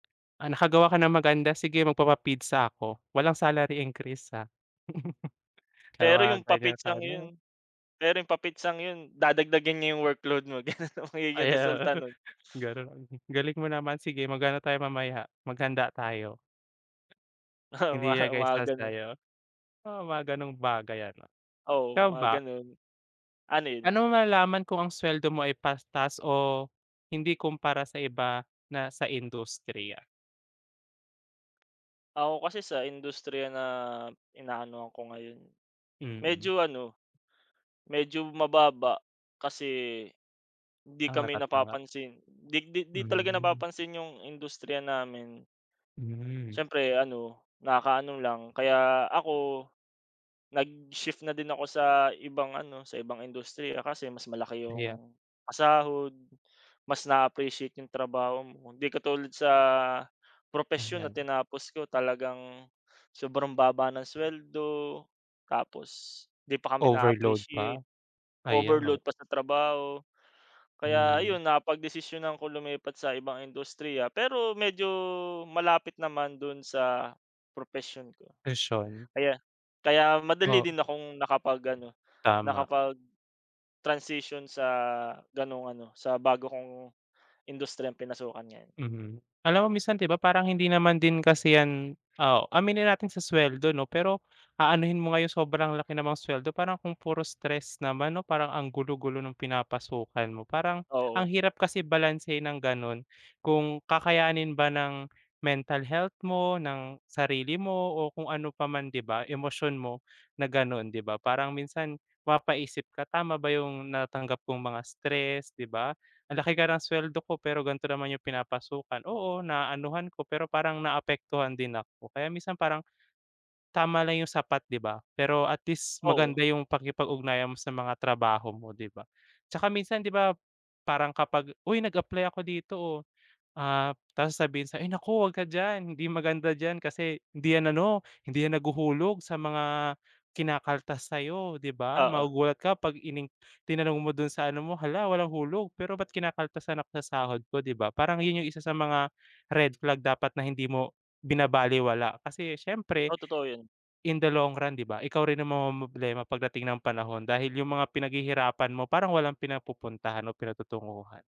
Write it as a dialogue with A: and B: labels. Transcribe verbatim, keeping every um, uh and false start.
A: Ah, nakagawa ka ng maganda, sige, magpapa-pizza ako. Walang salary increase, ha. Yung
B: Pero
A: mga
B: yung
A: ganyan sa
B: pa-pizzang yun
A: ano
B: pero yung pa-pizzang yun, dadagdagan niya yung workload mo, ganun ang magiging
A: Ay, oo,
B: resulta nun.
A: ganun. Galing mo naman. Sige, mag-ano tayo mamaya, maghanda tayo.
B: Oo,
A: Hindi
B: mga
A: nag
B: mga
A: [unintelligible]
B: ganun.
A: tayo? Oo, mga gano'ng bagay ano, ikaw
B: Oo, mga
A: ba?
B: ganun. Ano yun?
A: Pa'no mo malalaman kung ang suweldo mo ay pastas o hindi kumpara sa iba na sa industriya?
B: Ako kasi sa industriya na inaanuhan ko ngayon,
A: Mm.
B: medyo ano, medyo mababa. Kasi 'di
A: Ang
B: kami
A: natatanggap?
B: napapansin. 'Di 'di 'di talaga
A: Mhm.
B: napapansin yung industriya namin.
A: Hmm.
B: Siyempre ano, nakaka-ano lang. Kaya ako, nag-shift na din ako sa ibang ano, sa ibang industriya kasi mas malaki
A: Pahiya
B: yung pasahod. Mas na-a-appreciate yung trabaho mo. Hindi katulad sa propesyon na
A: Anong
B: tinapos ko, talagang sobrang baba ng suweldo. Tapos 'di pa kami
A: Overload pa.
B: na-a-appreciate,
A: Ayan, oh.
B: overload pa sa trabaho. Kaya
A: Mhm.
B: ayun, napagdesisyonan ko lumipat sa ibang industriya, pero medyo malapit naman dun sa propesyon ko.
A: Ishon
B: Kaya kaya madali
A: O.
B: din akong nakapag-ano,
A: Tama.
B: nakapag-transition sa gano'ng ano, sa bago kong industriyang pinasukan ngayon.
A: Mhm. Alam mo minsan, 'di ba parang hindi naman din kasi 'yan oo, aminin natin sa suweldo 'no, pero aanuhin mo nga yung sobrang laki namang suweldo, parang kung puro stress naman 'no. Parang ang gulo-gulo nung pinapasukan mo. Parang ang
B: Oo.
A: hirap kasi balansehin ng gano'n. Kung kakayanin ba ng mental health mo, ng sarili mo, o kung ano pa man, 'di ba? Emosyon mo, na gano'n, 'di ba? Parang minsan, mapapaisip ka, tama ba yung natanggap kong mga stress, 'di ba? Ang laki kara ng suweldo ko pero gan'to naman yung pinapasukan. Oo, naaanuhan ko, pero parang naaapektuhan din ako. Kaya minsan parang, tama lang yung sapat, 'di ba? Pero at least maganda
B: Oo.
A: yung pakikipag-ugnayan mo sa mga trabaho mo, 'di ba? Tsaka minsan, 'di ba, parang kapag, "Uy, nag-apply ako dito, oh." Ah, tapos sabihin sa'yo, "Ay, naku, 'wag ka diyan. Hindi maganda diyan kasi hindi 'yan ano, hindi 'yan naghuhulog sa mga kinakaltas sa'yo," 'di ba?
B: Oo.
A: Magugulat ka 'pag in-inc tinanong mo dun sa ano mo, "Hala, walang hulog, pero ba't kinakaltasan ako sa sahod ko?" 'Di ba parang yun yung isa sa mga red flag dapat na hindi mo binabalewala. Kasi siyempre,
B: O, totoo yun.
A: in the long run, 'di ba? Ikaw rin ang mamomroblema pagdating ng panahon. Dahil yung mga pinaghihirapan mo, parang walang pinapupuntahan o pinatutunguhan.